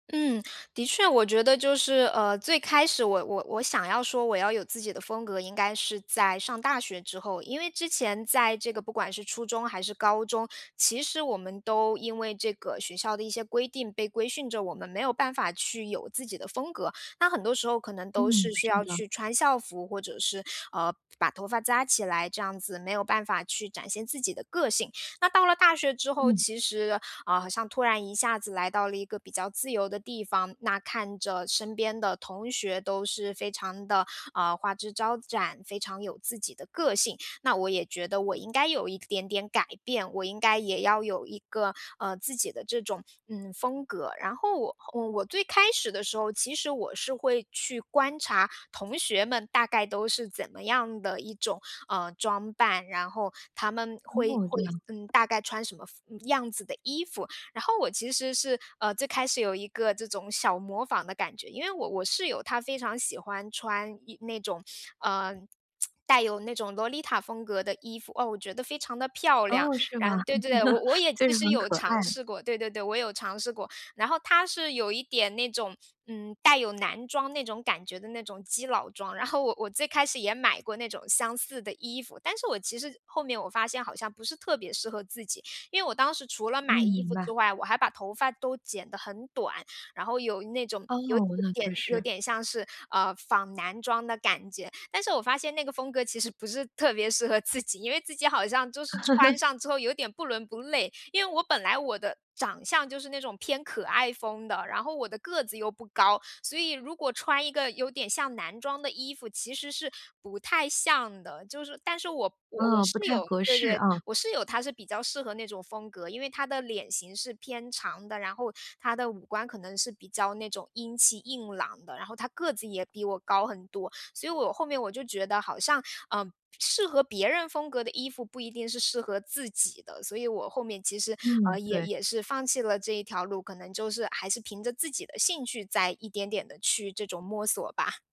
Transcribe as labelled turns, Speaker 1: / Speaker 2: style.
Speaker 1: 嗯，的确我觉得就是，呃，最开始我我我想要说我要有自己的风格，应该是在上大学之后。因为之前在这个不管是初中还是高中，其实我们都因为这个学校的一些规定，被规训着我们没有办法去有自己的风格，那很多时候可能都
Speaker 2: 嗯，
Speaker 1: 是需
Speaker 2: 是
Speaker 1: 要
Speaker 2: 的。
Speaker 1: 去穿校服，或者是，呃，把头发扎起来，这样子没有办法去展现自己的个性。那到了大学之后
Speaker 2: 嗯。
Speaker 1: 其实啊，好像突然一下子来到了一个比较自由的地方，那看着身边的同学都是非常地，呃，花枝招展，非常有自己的个性，那我也觉得我应该有一点点改变，我应该也要有一个，呃，自己的这种，嗯，风格。然后我我最开始的时候，其实我是会去观察同学们大概都是怎么样的一种，呃，装扮，然后他们会
Speaker 2: 哦，这
Speaker 1: 会，
Speaker 2: 样。
Speaker 1: 嗯，大概穿什么风样子的衣服。然后我其实是，呃，最开始有一个这种小模仿的感觉，因为我我室友她非常喜欢穿一那种，呃，带有那种萝丽塔风格的衣服。哦，我觉得非常地漂亮。
Speaker 2: 哦，是
Speaker 1: 然
Speaker 2: 吗？
Speaker 1: 后，对对对，我我 也
Speaker 2: 就
Speaker 1: 其
Speaker 2: 是
Speaker 1: 实
Speaker 2: 很可
Speaker 1: 有尝
Speaker 2: 爱。
Speaker 1: 试过对对对，我有尝试过。然后她是有一点那种，嗯，带有男装那种感觉的那种基佬装，然后我我最开始也买过那种相似的衣服，但是我其实后面我发现好像不是特别适合自己。因为我当时除了
Speaker 2: 嗯，
Speaker 1: 买衣
Speaker 2: 明
Speaker 1: 服
Speaker 2: 白。
Speaker 1: 之外，我还把头发都剪得很短，然后有那种
Speaker 2: 哦，
Speaker 1: 有有
Speaker 2: 那
Speaker 1: 点
Speaker 2: 确
Speaker 1: 有
Speaker 2: 实。
Speaker 1: 点像是，呃，仿男装的感觉。但是我发现那个风格其实不是特别适合自己，因为自己好像就是穿上之后有点不伦不类。因为我本来，我的长相就是那种偏可爱风的，然后我的个子又不高，所以如果穿一个有点像男装的衣服，其实是不太像的。就是但是我我我
Speaker 2: 啊，不
Speaker 1: 室
Speaker 2: 太
Speaker 1: 友
Speaker 2: 合
Speaker 1: 对
Speaker 2: 适
Speaker 1: 对，
Speaker 2: 啊。
Speaker 1: 我室友她是比较适合那种风格，因为她的脸型是偏长的，然后她的五官可能是比较那种英气硬朗的，然后她个子也比我高很多。所以我后面我就觉得好像，嗯，适合别人风格的衣服不一定是适合自己的，所以我后面其实，
Speaker 2: 嗯，
Speaker 1: 呃，也
Speaker 2: 对。
Speaker 1: 也是放弃了这一条路，可能就是还是凭着自己的兴趣再一点点地去这种摸索吧。